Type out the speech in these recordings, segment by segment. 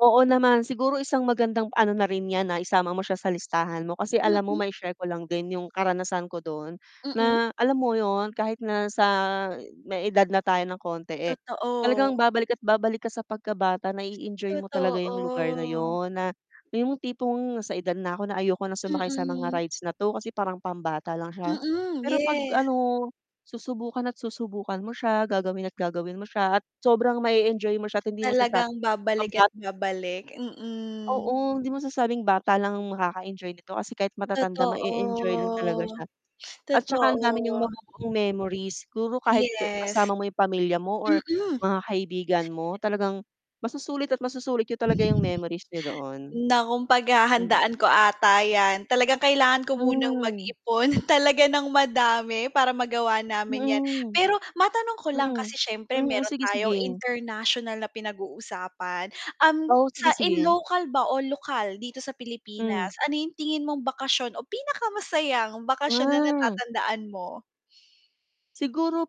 Oo naman, siguro isang magandang ano na rin yan na isama mo siya sa listahan mo. Kasi alam mo, Mm. mai-share ko lang din yung karanasan ko dun, Mm. na alam mo yun kahit na sa may edad na tayo ng konti, eh, talagang Totoo. babalik at babalik ka sa pagkabata, na i-enjoy mo talaga yung lugar na Totoo. yun na yung tipong sa edad na ako na ayoko na sumakay sa mga Mm. rides na 'to kasi parang pambata lang siya. Mm, Pero 'pag yes. ano susubukan at susubukan mo siya, gagawin at gagawin mo siya, at sobrang ma-enjoy mo siya, at hindi mo Talagang masasabing babalik at pambata babalik, mm. Oo, hindi masasabing bata lang makaka-enjoy nito kasi kahit matatanda ma-e-enjoy lang talaga Totoo, siya. At tsaka ang dami niyang totoo. mabuboong memories siguro kahit Yes. kasama mo yung pamilya mo or Mm. mga kaibigan mo talagang masusulit at masusulit niyo talaga yung memories niyo doon. Naku, Mm. paghahandaan ko ata yan. Talagang kailangan ko munang Hmm. mag-ipon talaga ng madami para magawa namin yan. Mm. Pero, matanong ko lang kasi Mm. siyempre Hmm, meron sige, tayong sige. international na pinag-uusapan, um, O, sa sige, in sige. local ba o lokal dito sa Pilipinas, Hmm. ano yung tingin mong bakasyon o pinakamasayang bakasyon na Mm. natatandaan mo? Siguro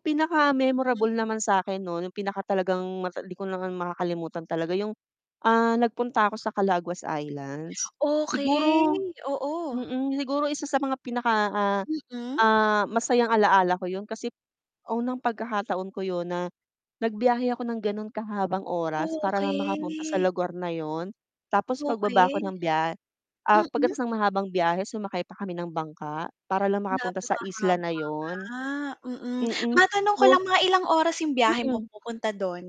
Mm. pinaka-memorable naman sa akin no, nung pinakatalagang mata hindi ko makakalimutan talaga yung, ah, nagpunta ako sa Calaguas Islands, siguro Okey, oo. mm, siguro isa sa mga pinaka, ah, Mm. ah, masayang alaala ko 'yon kasi unang pagkakataon ko yun na nagbiyahe ako ng ganun kahabang oras para lang makapunta sa Okey, lugar na 'yon. Tapos pagbaba 'ko Okey. ng bya ah, Mm. pagkatapos ng mahabang biyahe sumakay pa kami ng bangka para lang makapunta sa isla Napakahaba na yun, nga, mm, mm, matanong ko tapos lang mga ilang oras 'yong biyahe mo mm. pupunta doon?